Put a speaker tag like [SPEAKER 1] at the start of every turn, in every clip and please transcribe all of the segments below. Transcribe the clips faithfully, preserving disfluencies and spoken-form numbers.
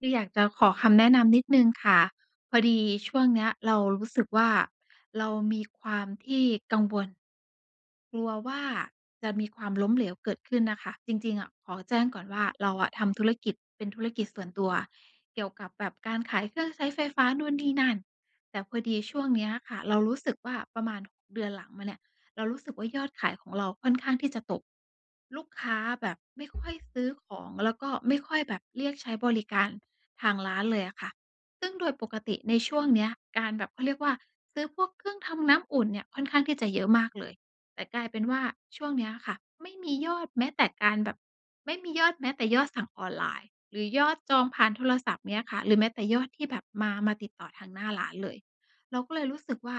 [SPEAKER 1] คืออยากจะขอคำแนะนำนิดหนึ่งค่ะ พอดีช่วงเนี้ย เรารู้สึกว่า เรามีความที่กังวล กลัวว่าจะมีความล้มเหลวเกิดขึ้นน่ะค่ะ จริง ๆ อะขอแจ้งก่อนว่า เราอะทำธุรกิจเป็นธุรกิจส่วนตัวเกี่ยวกับแบบการขายเครื่องใช้ไฟฟ้า นู่นนี่นั่น แต่พอดีช่วงเนี้ยค่ะ เรารู้สึกว่าประมาณเดือนหลังมาเนี่ย เรารู้สึกว่า ยอดขายของเราค่อนข้างที่จะตก ลูกค้าแบบไม่ค่อยซื้อของ แล้วก็ไม่ค่อยแบบเรียกใช้บริการทางร้านเลยอะค่ะ ซึ่งโดยปกติในช่วงเนี้ยการแบบ เขาเรียกว่า ซื้อพวกเครื่องทำน้ำอุ่นเนี่ยค่อนข้างที่จะเยอะมากเลย แต่กลายเป็นว่า ช่วงเนี้ยค่ะ ไม่มียอดแม้แต่การแบบ ไม่มียอดแม้แต่ยอดสั่งออนไลน์ หรือยอดจองผ่านโทรศัพท์เงี้ยค่ะ หรือแม้แต่ยอดที่แบบมา มาติดต่อทางหน้าร้านเลย เราก็เลยรู้สึกว่า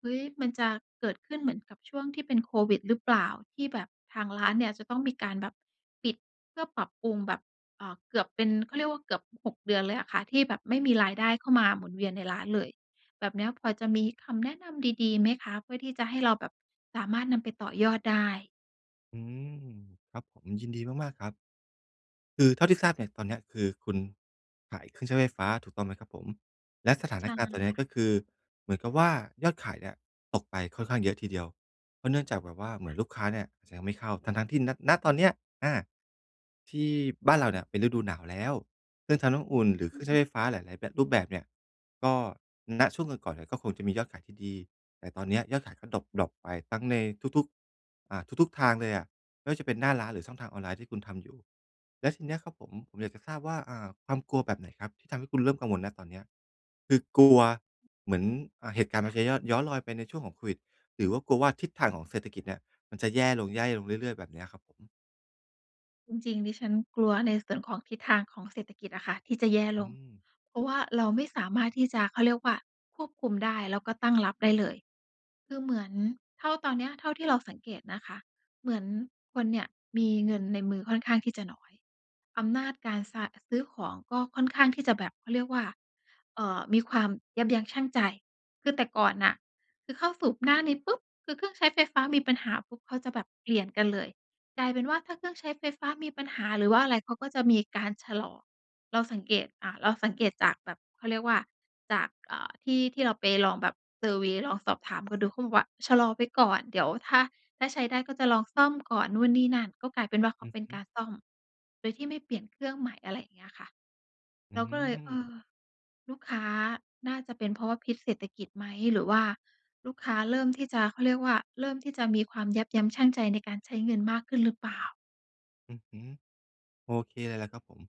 [SPEAKER 1] เฮ้ย มันจะเกิดขึ้นเหมือนกับช่วงที่เป็นโควิดหรือเปล่า? ที่แบบทางร้านเนี่ยจะต้องมีการแบบปิดเพื่อปรับปรุงแบบ เอ่อ เกือบเป็น เขาเรียกว่า เกือบ หก เดือนเลยอะค่ะ ที่แบบไม่มีรายได้เข้ามาหมุนเวียนในร้านเลย แบบเนี้ยพอจะมีคำแนะนำดี ๆ ไหมคะ เพื่อที่จะให้เราแบบสามารถนำไปต่อยอดได้?
[SPEAKER 2] อืม ครับผม ยินดีมาก ๆ ครับ คือเท่าที่ทราบเนี่ย ตอนเนี้ย คือคุณขายเครื่องใช้ไฟฟ้าถูกต้องไหมครับผม? และสถา
[SPEAKER 1] ใช
[SPEAKER 2] น
[SPEAKER 1] ่
[SPEAKER 2] การณ์ตอนเนี้ย
[SPEAKER 1] ค
[SPEAKER 2] ก
[SPEAKER 1] ่ะ
[SPEAKER 2] ็คือเหมือนกับว่า ยอดขายเนี่ยตกไปค่อนข้างเยอะทีเดียว เพราะเนื่องจากแบบว่าเหมื
[SPEAKER 1] ค่
[SPEAKER 2] อน
[SPEAKER 1] ะ
[SPEAKER 2] ลูกค้าเนี่ยจะยังไม่เข้า ทั้ง ๆ ที่ ณ ณ ตอนเนี้ย อา ที่บ้านเราเนี่ยเป็นฤดูหนาวแล้ว เครื่องทำน้ำอุ่นหรือเครื่องใช้ไฟฟ้าหลาย ๆ แบบ รูปแบบเนี่ย ก็ ณ ช่วงก่อน ๆ เนี่ยก็คงจะมียอดขายที่ดี แต่ตอนเนี้ยยอดขายก็ดร็อป ดร็อปไป ทั้งในทุก ๆ อา ทุก ๆ ทางเลยอะ ไม่ว่าจะเป็นหน้าร้านหรือช่องทางออนไลน์ ที่คุณทำอยู่ และทีเนี้ยครับผม ผมอยากจะทราบว่า อ่า ความกลัวแบบไหนครับ ที่ทำให้คุณเริ่มกังวล ณ ตอนเนี้ย คือกลัวเหมือน อา เหตุการณ์ม
[SPEAKER 1] ค
[SPEAKER 2] า
[SPEAKER 1] ่ะ
[SPEAKER 2] จะยอด ย้อนรอยไปในช่วงของโควิด หรือว่ากลัวว่าทิศทางของเศรษฐกิจเนี่ย มันจะแย่ลง แย่ลงเรื่อย ๆ แบบเนี้ยครับผม?
[SPEAKER 1] จริง ๆ ดิฉันกลัวในส่วนของทิศทางของเศรษฐกิจอะค่ะ ที่จะแย่
[SPEAKER 2] อ
[SPEAKER 1] ล
[SPEAKER 2] ื
[SPEAKER 1] ง
[SPEAKER 2] ม
[SPEAKER 1] เพราะว่าเราไม่สามารถที่จะ เขาเรียกว่าควบคุมได้แล้วก็ตั้งรับได้เลย คือเหมือนเท่า ตอนนี้เท่าที่เราสังเกตนะคะ เหมือน คนเนี่ยมีเงินในมือค่อนข้างที่จะน้อย อำนาจการซะ ซื้อของก็ค่อนข้างที่จะแบบเขาเรียกว่า เอ่อ มีความยับยั้งชั่งใจ คือแต่ก่อนน่ะ คือเข้าสู่หน้านี้ปุ๊บ! คือเครื่องใช้ไฟฟ้ามีปัญหาปุ๊บ เขาจะแบบเปลี่ยนกันเลย กลายเป็นว่าถ้าเครื่องใช้ไฟฟ้ามีปัญหาหรือว่าอะไร เขาก็จะมีการชะลอ เราสังเกต อ่า เราสังเกตจากแบบเขาเรียกว่าจาก อ่า ที่ ที่เราไปลองแบบเซอร์เวย์ ลองสอบถามก็ดูเขาบอกว่า”ชะลอไว้ก่อน เดี๋ยวถ้า ถ้าใช้ได้ก็จะลองซ่อมก่อน” นู่นนี่นั่น ก็กลายเป็นว่าเข
[SPEAKER 2] อ
[SPEAKER 1] า
[SPEAKER 2] ือ
[SPEAKER 1] เป็
[SPEAKER 2] ฮ
[SPEAKER 1] น
[SPEAKER 2] ึ
[SPEAKER 1] การซ่อมโดยที่ไม่เปลี่ยนเครื่องใหม่ อะไรอย่างเงี้ยค่ะ
[SPEAKER 2] อ
[SPEAKER 1] เร
[SPEAKER 2] ื
[SPEAKER 1] าก็เลย เอ
[SPEAKER 2] ม
[SPEAKER 1] อ ลูกค้า น่าจะเป็นเพราะว่า พิษเศรษฐกิจไหม หรือว่าลูกค้าเริ่มที่จะ เขาเรียกว่าเริ่มที่จะมีความยับยั้งชั่งใจในการใช้เงินมากขึ้นหรือเปล่า?
[SPEAKER 2] อื้อฮือ โอเคเลยล่ะครับผม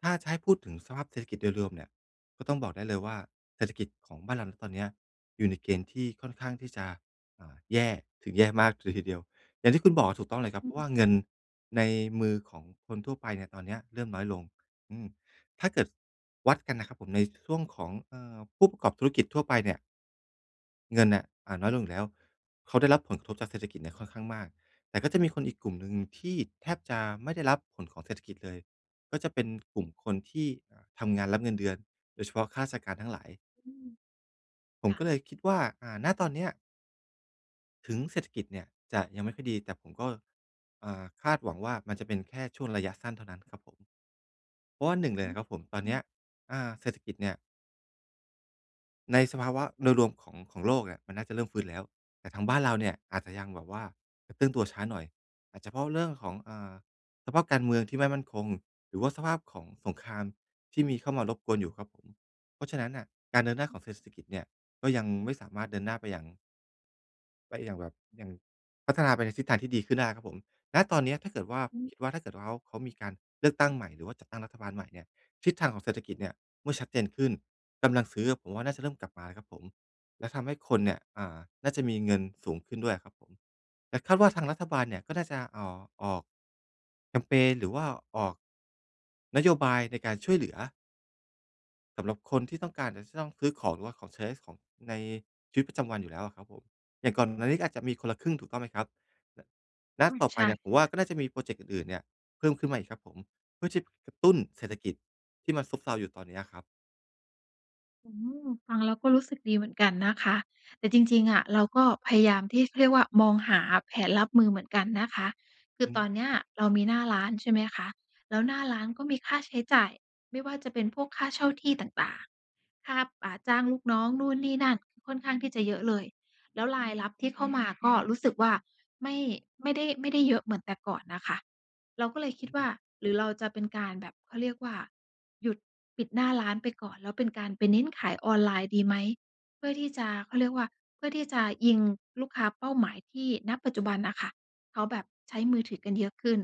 [SPEAKER 2] ถ้าจะให้พูดถึงสภาพเศรษฐกิจโดยรวมเนี่ย ก็ต้องบอกได้เลยว่า เศรษฐกิจของบ้านเรา ณ ตอนเนี้ยอยู่ในเกณฑ์ที่ค่อนข้างที่จะ อ่า แย่ถึงแย่มากเลยทีเดียว อย่างที่คุณบอกถูกต้องเลยครับ
[SPEAKER 1] อ
[SPEAKER 2] เ
[SPEAKER 1] ื
[SPEAKER 2] พร
[SPEAKER 1] อ
[SPEAKER 2] าะ
[SPEAKER 1] ฮ
[SPEAKER 2] ว
[SPEAKER 1] ึ
[SPEAKER 2] ่าเงินในมือของคนทั่วไปเนี่ย ตอนนี้เริ่มน้อยลง อืม ถ้าเกิดวัดกันนะครับผม ในช่วงของ เอ่อ ผู้ประกอบธุรกิจทั่วไปเนี่ย เงินน่ะ อา น้อยลงอยู่แล้ว เขาได้รับผลกระทบจากเศรษฐกิจเนี่ยค่อนข้างมาก แต่ก็จะมีคนอีกกลุ่มหนึ่งที่แทบจะไม่ได้รับผลของเศรษฐกิจเลย ก็จะเป็นกลุ่มคนที่อะทำงานรับเงินเดือน โดยเฉพาะข้าราชการทั้งหลาย
[SPEAKER 1] อืม
[SPEAKER 2] ผ
[SPEAKER 1] ค
[SPEAKER 2] ม
[SPEAKER 1] ่ะ
[SPEAKER 2] ก็เลยคิดว่า อ่า ณ ตอนเนี้ย ถึงเศรษฐกิจเนี่ยจะยังไม่ค่อยดี แต่ผมก็ อ่า คาดหวังว่ามันจะเป็นแค่ช่วงระยะสั้นเท่านั้นนะครับผม เพราะว่า หนึ่ง เล
[SPEAKER 1] อ
[SPEAKER 2] ย
[SPEAKER 1] ื
[SPEAKER 2] นะ
[SPEAKER 1] อ
[SPEAKER 2] ครับผม ตอน
[SPEAKER 1] อื
[SPEAKER 2] เนี้ย
[SPEAKER 1] อ
[SPEAKER 2] อา เศรษฐกิจเนี่ย ในสภาวะโดยรวมของ ของโลกเนี่ยมันน่าจะเริ่มฟื้นแล้ว แต่ทางบ้านเราเนี่ย อาจจะยังแบบว่ากระเตื้องตัวช้าหน่อย อาจจะเพราะว่าเรื่องของ อ่า สภาพการเมืองที่ไม่มั่นคง หรือว่าสภาพของสงครามที่มีเข้ามารบกวนอยู่ครับผม เพราะฉะนั้นน่ะ การเดินหน้า
[SPEAKER 1] อ
[SPEAKER 2] ข
[SPEAKER 1] ือ
[SPEAKER 2] องเศรษฐกิจเนี่ย ก็ยังไม่สามารถเดินหน้าไปอย่าง ก็อย่างแบบ อย่าง พัฒนาไปในทิศทางที่ดีขึ้นได้ครับผม ณ ตอนนี้ถ้าเกิดว่า
[SPEAKER 1] อืม
[SPEAKER 2] คิดว่าถ้าเกิดว่าเขา เขามีการเลือกตั้งใหม่หรือว่าจัดตั้งรัฐบาลใหม่เนี่ย ทิศทางของเศรษฐกิจเนี่ยเมื่อชัดเจนขึ้น กำลังซื้ออะผมว่าน่าจะเริ่มกลับมาครับผม และทำให้คนเนี่ย อ่า น่าจะมีเงินสูงขึ้นด้วยอะครับผม แต่คาดว่าทางรัฐบาลเนี่ยก็น่าจะ อ่อ ออก แคมเพน หรือว่าออก นโยบายในการช่วยเหลือ สำหรับคนที่ต้องการอาจจะต้องซื้อของ หรือว่าของใช้ในส ของใน ชีวิตประจำวันอยู่แล้วอะครับผม อย่างก่อนหน้านี้ก็อาจจะมีคนละครึ่งถูกต้องไหมครับ? ล และ
[SPEAKER 1] อืม
[SPEAKER 2] ต่อไ
[SPEAKER 1] ใ
[SPEAKER 2] ป
[SPEAKER 1] ช่
[SPEAKER 2] เนี่ยผมว่าก็น่าจะมีพรอเจ็กต์อื่น ๆ เนี่ยเพิ่มขึ้นมาอีกครับผม เพื่อที่ กระตุ้นเศรษ
[SPEAKER 1] อื
[SPEAKER 2] ฐ
[SPEAKER 1] อ
[SPEAKER 2] กิจ ที่มันซบเซาอยู่ตอนนี้อะครับ
[SPEAKER 1] อืม ฟังแล้วก็รู้สึกดีเหมือนกันนะคะ แต่จริง ๆ อะเราก็พยายามที่ เขาเรียกว่ามองหาแผนรับมือเหมือนกันนะคะ คือ
[SPEAKER 2] อื
[SPEAKER 1] ตอนเน
[SPEAKER 2] ม
[SPEAKER 1] ี้ยเรามีหน้าร้านใช่ไหมคะ แล้วหน้าร้านก็มีค่าใช้จ่าย ไม่ว่าจะเป็นพวกค่าเช่าที่ต่าง ๆ คาบ อ่า จ้างลูกน้อง นู่น นี่ นั่น ค่อนข้างที่จะเยอะเลย แล้ว รายรับที่เข้ามาก็รู้สึกว่า ไม่ ไม่ได้ ไม่ได้เยอะเหมือนแต่ก่อนน่ะค่ะ เราก็เลยค
[SPEAKER 2] อ
[SPEAKER 1] ิดว่
[SPEAKER 2] ื
[SPEAKER 1] า
[SPEAKER 2] ม
[SPEAKER 1] หรือเราจะเป็นการแบบเขาเรียกว่า หยุดปิดหน้าร้านไปก่อน แล้วเป็นการไปเน้นขายออนไลน์ดีไหม เพื่อที่จะ เขาเรียกว่า เพื่อที่จะยิง ลูกค้าเป้าหมายที่ ณ ปัจจุบันน่ะค่ะ เขาแบบใช้มือถือกันเยอะขึ้น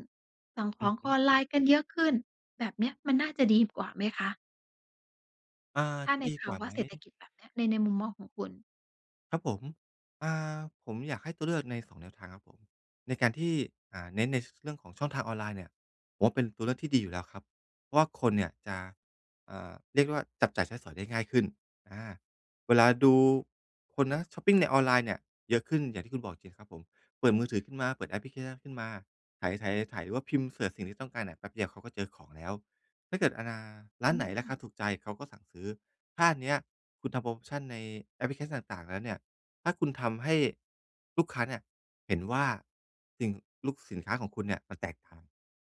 [SPEAKER 1] สั่งข
[SPEAKER 2] อื
[SPEAKER 1] อ
[SPEAKER 2] อ
[SPEAKER 1] ง
[SPEAKER 2] ฮ
[SPEAKER 1] ค
[SPEAKER 2] ึ
[SPEAKER 1] อนไลน์กันเยอะขึ้น แบบเนี้ยมันน่าจะดีกว่าไหมคะ?
[SPEAKER 2] อ่า
[SPEAKER 1] ถ้าใน
[SPEAKER 2] ดี
[SPEAKER 1] ภ
[SPEAKER 2] ก
[SPEAKER 1] า
[SPEAKER 2] ว่า
[SPEAKER 1] วะ
[SPEAKER 2] ไหม?
[SPEAKER 1] เศรษฐกิจแบบเนี้ยใน ในมุมมองของคุณ
[SPEAKER 2] ครับผม อ่า ผมอยากให้ตัวเลือกใน สอง แนวทางครับผม ในการที่ อ่า เน้นใน ส เรื่องของช่องทางออนไลน์เนี่ย ผมว่าเป็นตัวเลือกที่ดีอยู่แล้วครับ เพราะว่าคนเนี่ยจะ อ่า เรียกว่าจับจ่ายใช้สอยได้ง่ายขึ้น อา เวลาดูคนนะชอปปิงในออนไลน์เนี่ยเยอะขึ้นอย่างที่คุณบอกจริงครับผม เปิดมือถือขึ้นมา เปิดแอปพลิเคชันขึ้นมา ไถ ๆ ไถ ๆ หรือว่าพิมพ์เสิร์จสิ่งที่ต้องการเนี่ย แป๊บเดียวเขาก็เจอของแล้ว ถ้าเกิดอนา ร้
[SPEAKER 1] อ
[SPEAKER 2] า
[SPEAKER 1] ื
[SPEAKER 2] นไหนรา
[SPEAKER 1] ม
[SPEAKER 2] คาถูกใจเขาก็สั่งซื้อ ถ้าอันเนี้ยคุณทำโพรโมชันในแอปพลิเคชันต่าง ๆ แล้วเนี่ย ถ้าคุณทำให้ลูกค้าเนี่ยเห็นว่า สิ่ง ลุก สินค้าของคุณเนี่ยมันแตกต่าง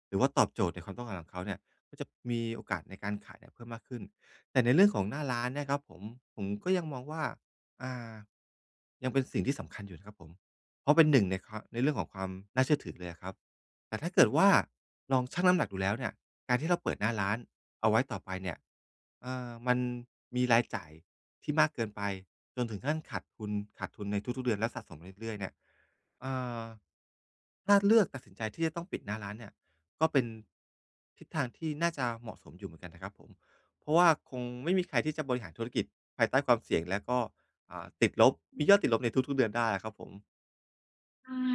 [SPEAKER 2] หรือว่าตอบโจทย์ในความต้องการของเขาเนี่ย มันจะมีโอกาสในการขายเพิ่มมากขึ้น แต่ในเรื่องของหน้าร้านเนี่ยครับผม ผมก็ยังมองว่า อ่า ยังเป็นสิ่งที่สำคัญอยู่นะครับผม เพราะเป็นหนึ่งในความ ในเรื่องของความน่าเชื่อถือเลยอะครับ แต่ถ้าเกิดว่าลองชั่งน้ำหนักดูแล้วเนี่ย การที่เราเปิดหน้าร้านเอาไว้ต่อไปเนี่ย เอ่อ มันมีรายจ่ายที่มากเกินไปจนถึงขั้นขาดทุน ขาดทุนในทุก ๆ เดือนแล้วสะสมไปเรื่อย ๆ เนี่ย เอ่อ ถ้าเลือกตัดสินใจที่จะต้องปิดหน้าร้านเนี่ย ก็เป็นทิศทางที่น่าจะเหมาะสมอยู่เหมือนกันนะครับผม เพราะว่าคงไม่มีใครที่จะบริหารธุรกิจภายใต้ความเสี่ยงแล้วก็ อ่า ติดลบ มียอดติดลบในทุก ๆ เดือนได้อะครับผม
[SPEAKER 1] ใช่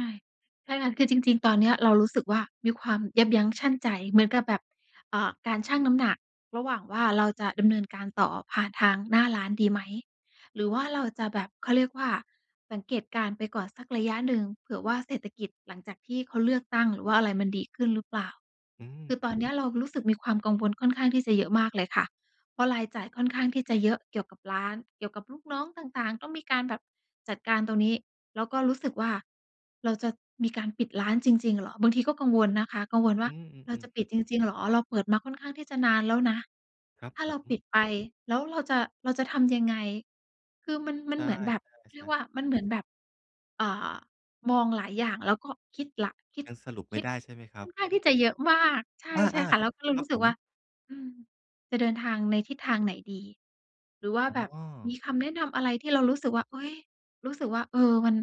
[SPEAKER 1] ใช่ค่ะ คือจริง ๆ ตอนเนี้ยเรารู้สึกว่า มีความยับยั้งชั่งใจเหมือนกับแบบ อ่า การชั่งน้ำหนักระหว่างว่า เราจะดำเนินการต่อผ่านทางหน้าร้านดีไหม หรือว่าเราจะแบบเขาเรียกว่าสังเกตการณ์ไปก่อนสักระยะหนึ่ง เผื่อว่าเศรษฐกิจหลังจากที่เขาเลือกตั้ง หรือว่าอะไรมันดีขึ้นหรือเปล่า
[SPEAKER 2] อื
[SPEAKER 1] ค
[SPEAKER 2] ม
[SPEAKER 1] ือ ตอนนี้เรารู้สึกมีความกังวลค่อนข้างที่จะเยอะมากเลยค่ะ เพราะรายจ่ายค่อนข้างที่จะเยอะเกี่ยวกับร้าน เกี่ยวกับลูกน้องต่าง ๆ ต้องมีการแบบจัดการตรงนี้ แล้วก็รู้สึกว่า เราจะมีการปิดร้านจริง ๆ เหรอ บางทีก็กังวลนะคะ กังวลว
[SPEAKER 2] อื
[SPEAKER 1] ่า เราจ
[SPEAKER 2] ม
[SPEAKER 1] ะ
[SPEAKER 2] ๆ ๆ
[SPEAKER 1] ปิดจริง ๆ เหรอ เราเปิดมาค่อนข้างที่จะนานแล้วนะ
[SPEAKER 2] ครับ
[SPEAKER 1] ถ้า
[SPEAKER 2] ผ
[SPEAKER 1] เราป
[SPEAKER 2] ม
[SPEAKER 1] ิดไปแล้วเราจะ เราจะทำยังไง คือมัน มั
[SPEAKER 2] ใช
[SPEAKER 1] นเหมือนแบบเรีย
[SPEAKER 2] ่
[SPEAKER 1] ก
[SPEAKER 2] ๆ ๆ
[SPEAKER 1] ว่า มันเหมือนแบบ อ่า มองหลายอย่างแล้วก็คิดหลัก คิด
[SPEAKER 2] ยังสรุปไ
[SPEAKER 1] ค
[SPEAKER 2] ม่
[SPEAKER 1] ิด
[SPEAKER 2] ได้ใช่ไหมคร
[SPEAKER 1] ค่
[SPEAKER 2] ั
[SPEAKER 1] อ
[SPEAKER 2] บ?
[SPEAKER 1] นข้างที่จะเยอะมาก ใช
[SPEAKER 2] อา
[SPEAKER 1] ่ ๆ ค่ะ แล้วเรา
[SPEAKER 2] ๆ คร
[SPEAKER 1] ร
[SPEAKER 2] ั
[SPEAKER 1] ู
[SPEAKER 2] บ
[SPEAKER 1] ้สึ
[SPEAKER 2] ผ
[SPEAKER 1] กว่
[SPEAKER 2] ม
[SPEAKER 1] า อืม จะเดินทางในทิศทางไหนดี หรือว่า
[SPEAKER 2] อ๋
[SPEAKER 1] แบบม
[SPEAKER 2] อ
[SPEAKER 1] ีคำแนะนำอะไรที่เรารู้สึกว่า เฮ้ย รู้สึกว่า เออ มัน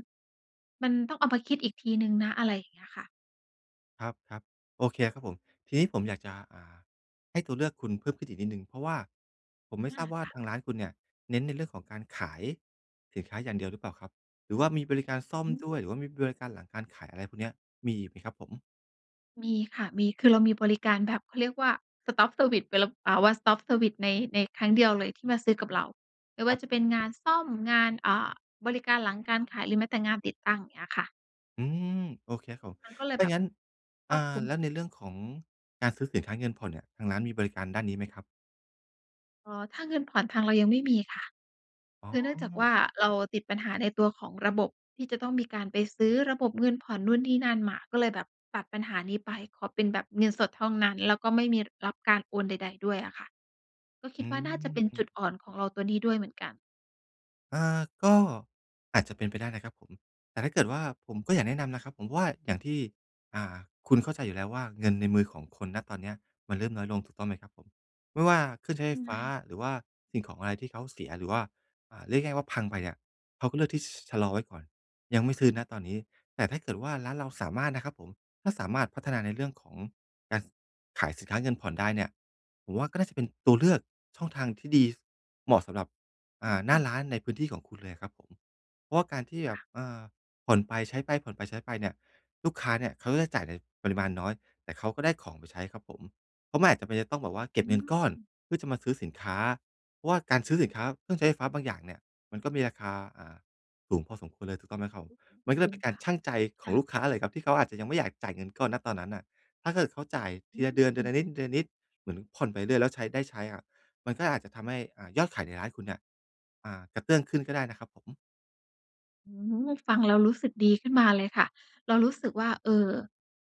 [SPEAKER 1] มันต้องเอามาคิดอีกทีหนึ่งนะ อะไรอย่างเงี้ยค่ะ
[SPEAKER 2] ครับ ๆ โอเคครับผม ทีนี้ผมอยากจะ อ่า ให้ตัวเลือกคุณเพิ่มขึ้นอีกนิดหนึ่ง เพราะว่าผมไม่
[SPEAKER 1] อ
[SPEAKER 2] ท
[SPEAKER 1] า
[SPEAKER 2] ราบว่า
[SPEAKER 1] ค่ะ
[SPEAKER 2] ทางร้านคุณเนี่ย เน้นในเรื่องของการขายสินค้าอย่างเดียวหรือเปล่าครับ หรือว่ามีบริการซ่อม
[SPEAKER 1] อืม
[SPEAKER 2] ด้วย หรือว่ามีบริการหลังการขาย อะไรพวกเนี้ย มีอีกไหมครับผม?
[SPEAKER 1] มีค่ะ มี คือเรามีบริการแบบเขาเรียกว่า สต็อปเซอร์วิซ เวลบ อ่า วันสต็อปเซอร์วิซ ใน ในครั้งเดียวเลยที่มาซื้อกับเรา ไม่ว
[SPEAKER 2] ค
[SPEAKER 1] ่
[SPEAKER 2] ร
[SPEAKER 1] า
[SPEAKER 2] ับ
[SPEAKER 1] จะเป็นงานซ่อม งาน อ่า บริการหลังการขาย หรือแม้แต่งานติดตั้ง อย่างเงี้ยค่ะ
[SPEAKER 2] อืม โอเคครับผม
[SPEAKER 1] มันก็เลย
[SPEAKER 2] ถ้
[SPEAKER 1] แบ
[SPEAKER 2] า
[SPEAKER 1] บ
[SPEAKER 2] งั้น
[SPEAKER 1] ค
[SPEAKER 2] อ
[SPEAKER 1] ร
[SPEAKER 2] ่า
[SPEAKER 1] อบคลุม
[SPEAKER 2] แล้วในเรื่องของการซื้อสินค้าเงินผ่อนเนี่ย ทางร้านมีบริการด้านนี้ไหมครับ?
[SPEAKER 1] อ๋อ ถ้าเงินผ่อนทางเรายังไม่มีค่ะ
[SPEAKER 2] อ๋
[SPEAKER 1] คือเนื่องจากว
[SPEAKER 2] อ
[SPEAKER 1] ่าเราติดปัญหาในตัวของระบบ ที่จะต้องมีการไปซื้อระบบเงินผ่อนนู่นนี่นั่นมา ก็เลยแบบตัดปัญหานี้ไป ขอเป็นแบบเงินสดเท่านั้น แล้วก็ไม่มีรับการโอนใด ๆ ด้วยอะค่ะ ก็คิ
[SPEAKER 2] อื
[SPEAKER 1] ดว่าน่าจะเป็นจ
[SPEAKER 2] ม
[SPEAKER 1] ุดอ่อนของเราตัวนี้ด้วยเหมือนกัน
[SPEAKER 2] อา ก็อาจจะเป็นไปได้นะครับผม แต่ถ้าเกิดว่า ผมก็อยากแนะนำนะครับผมว่า อย่างที่ อ่า คุณเข้าใจอยู่แล้วว่า เงินในมือของคุณ ณ ตอนเนี้ยมันเริ่มน้อยลง ถูกต้องไหมครับผม ไม่ว่าเครื่องใช
[SPEAKER 1] ท
[SPEAKER 2] ้ไฟ
[SPEAKER 1] ำไม
[SPEAKER 2] ฟ้า หรือว่าสิ่งของอะไรที่เขาเสีย หรือว่า อ่า เรียกง่าย ๆ ว่าพังไปอะ เขาก็เลือกที่ ช ชะลอไว้ก่อน ยังไม่ซื้อ ณ ตอนนี้ แต่ถ้าเกิดว่าร้านเราสามารถนะครับผม ถ้าสามารถพัฒนาในเรื่องของการขายสินค้าเงินผ่อนได้เนี่ย ผมว่าก็น่าจะเป็นตัวเลือก ช่องทางที่ดีเหมาะสำหรับ อ
[SPEAKER 1] อื
[SPEAKER 2] ่
[SPEAKER 1] อ
[SPEAKER 2] า ห
[SPEAKER 1] อ
[SPEAKER 2] น้
[SPEAKER 1] ื
[SPEAKER 2] า
[SPEAKER 1] ม
[SPEAKER 2] ร้านในพื้นที่ของคุณเลยอะครับผม เพราะว่าการที่
[SPEAKER 1] อ
[SPEAKER 2] แบบ
[SPEAKER 1] า
[SPEAKER 2] อ่า ผ่อนไปใช้ไป ผ่อนไปใช้ไปเนี่ย ลูกค้าเนี่ยเขาจะได้จ่ายในปริมาณน้อย แต่เขาก็ได้ของไปใช้ครับผม เพราะมันอาจจะต้องแบบว่า เ
[SPEAKER 1] อ
[SPEAKER 2] ก
[SPEAKER 1] ื
[SPEAKER 2] ็บเงิน
[SPEAKER 1] ม
[SPEAKER 2] ก้อนเพื่อจะมาซื้อสินค้า เพราะว่าการซื้อสินค้าเครื่องใช้ไฟฟ้าบางอย่างเนี่ย มันก็มีราคา อ่า สูงพอสมควรเลย ถูกต้องไหมครับผ
[SPEAKER 1] อ
[SPEAKER 2] ม
[SPEAKER 1] ือฮึ
[SPEAKER 2] มันก็
[SPEAKER 1] อ
[SPEAKER 2] เล
[SPEAKER 1] ื
[SPEAKER 2] ยเ
[SPEAKER 1] ม
[SPEAKER 2] ป็นก
[SPEAKER 1] ค
[SPEAKER 2] า
[SPEAKER 1] ่
[SPEAKER 2] ร
[SPEAKER 1] ะ
[SPEAKER 2] ชั่งใจข
[SPEAKER 1] ค
[SPEAKER 2] อ
[SPEAKER 1] ่
[SPEAKER 2] ง
[SPEAKER 1] ะ
[SPEAKER 2] ลูกค้าเลยครับ ที่เขาอาจจะยังไม่อยากจ่ายเงินก้อน ณ ตอนนั้นอะ ถ้าเกิดเขาจ่าย
[SPEAKER 1] อ
[SPEAKER 2] ทีละเดือน เดือ
[SPEAKER 1] ืม
[SPEAKER 2] นละนิด เดือนละนิด เหมือนผ่อนไปเรื่อย ๆ แล้วใช้ ได้ใช้อะ มันก็อาจจะทำให้ อ่า ยอดขายในร้านคุณเนี่ย อ่า กระเตื้องขึ้นก็ได้นะครับผม
[SPEAKER 1] อื้อฮือ ฟังแล้วรู้สึกดีขึ้นมาเลยค่ะ เรารู้สึกว่า เออ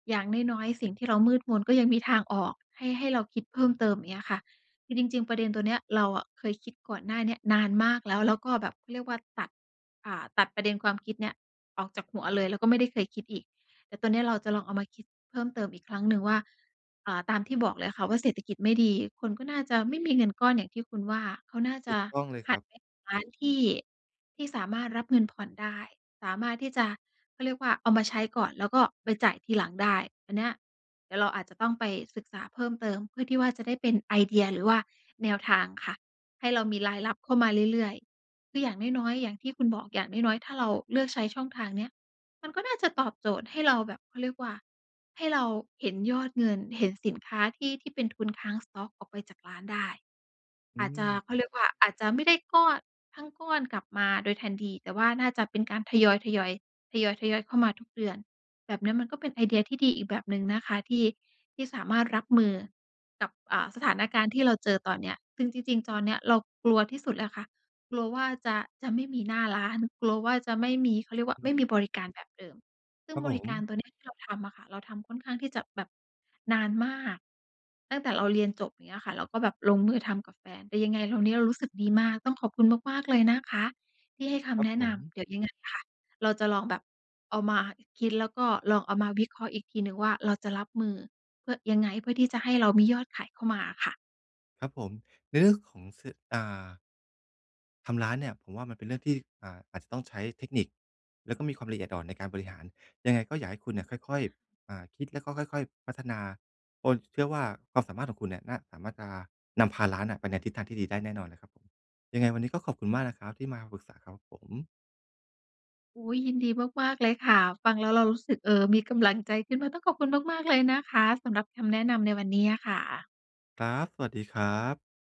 [SPEAKER 1] อย่างน้อย ๆ สิ่งที่เรามืดมน ก็ยังมีทางออกให้ ให้เราคิดเพิ่มเติมอย่างเงี้ยค่ะ คือจริง ๆ ประเด็นตัวเนี้ยเราอะเคยคิดก่อนหน้าเนี้ยนานมากแล้ว แล้วก็แบบ เขาเรียกว่า ตัด อ่า ตัดประเด็นความคิดเนี้ยออกจากหัวเลย แล้วก็ไม่ได้เคยคิดอีก แต่ตอนเนี้ยเราจะลองเอามาคิดเพิ่มเติมอีกครั้งหนึ่งว่า เอ่อ ตามที่บอกเลยค่ะว่า เศรษฐกิจไม่ดี คนก็น่าจะไม่มีเงินก้อนอย่างที่คุณว่า เขาน่า
[SPEAKER 2] ถ
[SPEAKER 1] จ
[SPEAKER 2] ู
[SPEAKER 1] ะ
[SPEAKER 2] กต้องเลย
[SPEAKER 1] ห
[SPEAKER 2] ค
[SPEAKER 1] ั
[SPEAKER 2] ร
[SPEAKER 1] น
[SPEAKER 2] ับ
[SPEAKER 1] ไปร้านที่ ที่สามารถรับเงินผ่อนได้ สามารถที่จะ เขาเรียกว่า เอามาใช้ก่อน แล้วก็ไปจ่ายทีหลังได้ อันเนี้ยเดี๋ยวเราอาจจะต้องไปศึกษาเพิ่มเติมเพื่อที่ว่าจะได้เป็นไอเดีย หรือว่าแนวทางค่ะ ให้เรามีรายรับเข้ามาเรื่อย ๆ คืออย่างน้อย ๆ อย่างที่คุณบอก อย่างน้อย ๆ ถ้าเราเลือกใช้ช่องทางเนี้ย มันก็น่าจะตอบโจทย์ให้เราแบบ เขาเรียกว่า ให้เราเห็นยอดเงิน เห็นสินค้าที่ ที่เป็นทุนค้าง สต๊อก ออกไปจากร้านได้
[SPEAKER 2] อ
[SPEAKER 1] อ
[SPEAKER 2] ื
[SPEAKER 1] าจจะ เขา
[SPEAKER 2] ม
[SPEAKER 1] เรียกว่า อาจจะไม่ได้ก้อ ทั้งก้อนกลับมาโดยทันที แต่ว่าน่าจะเป็นการทยอย ๆ ทยอย ๆ เข้ามาทุกเดือน แบบเนี้ยมันก็เป็นไอเดียที่ดีอีกแบบหนึ่งนะคะ ที่ ที่สามารถรับมือ กับ อ่า สถานการณ์ที่เราเจอตอนเนี้ย ซึ่งจริง ๆ ตอนเนี้ยเรากลัวที่สุดเลยค่ะ กลัวว่าจะ จะไม่มีหน้าร้าน กลัวว่าจะไม่มี เขาเรียกว่า
[SPEAKER 2] อื
[SPEAKER 1] ไ
[SPEAKER 2] อ
[SPEAKER 1] ม
[SPEAKER 2] ฮ
[SPEAKER 1] ่มี
[SPEAKER 2] ึ
[SPEAKER 1] บริการแบบเดิม ซึ่
[SPEAKER 2] ค
[SPEAKER 1] ง
[SPEAKER 2] รับ
[SPEAKER 1] บ
[SPEAKER 2] ผ
[SPEAKER 1] ริการ
[SPEAKER 2] ม
[SPEAKER 1] ตัวเนี้ยที่เราทำอะค่ะ เราทำค่อนข้างที่จะแบบ นานมาก ตั้งแต่เราเรียนจบ อย่างเงี้ยค่ะ เราก็แบบลงมือทำกับแฟน แต่ยังไงเราเนี้ย เรารู้สึกดีมาก ต้องขอบคุณมาก ๆ เลยนะคะที่ให้ค
[SPEAKER 2] ครั
[SPEAKER 1] ำแ
[SPEAKER 2] บ
[SPEAKER 1] นะ
[SPEAKER 2] ผ
[SPEAKER 1] น
[SPEAKER 2] ม
[SPEAKER 1] ำ เดี๋ยวยังไงค่ะ เราจะลองแบบ เอามาคิด แล้วก็ลองเอามาวิเคราะห์อีกทีหนึ่งว่า เราจะรับมือ เพื่อ ยังไง เพื่อที่จะให้เรามียอดขายเข้ามาค่ะ
[SPEAKER 2] ครับผม ในเรื่องของ ส อ่า ทำร้านเนี่ยผมว่ามันเป็นเรื่องที่ อ่า อาจจะต้องใช้เทคนิค แล้วก็มีความละเอียดอ่อนในการบริหาร ยังไงก็อยากให้คุณเนี่ยค่
[SPEAKER 1] อ
[SPEAKER 2] อย
[SPEAKER 1] ะฮะ
[SPEAKER 2] ๆ อ่า คิดแล้วก็ค่อย ๆ พัฒนา โอน เชื่อว่า ความสามารถของคุณเนี่ยน่า สามารถจะ นำพาร้านน่ะไปในทิศทางที่ดีได้แน่นอนเลยครับผม ยังไงวันนี้ก็ขอบคุณมากนะครับที่มาปรึกษาครับผม
[SPEAKER 1] อุ๊ย! ยินดีมาก ๆ เลยค่ะ ฟังแล้วเรารู้สึก เอ่อ มีกำลังใจขึ้นมา ต้องขอบคุณมาก ๆ เลยนะคะ สำหรับคำแนะนำในวันนี้อะค่ะ
[SPEAKER 2] ครับ สวัสดีครับ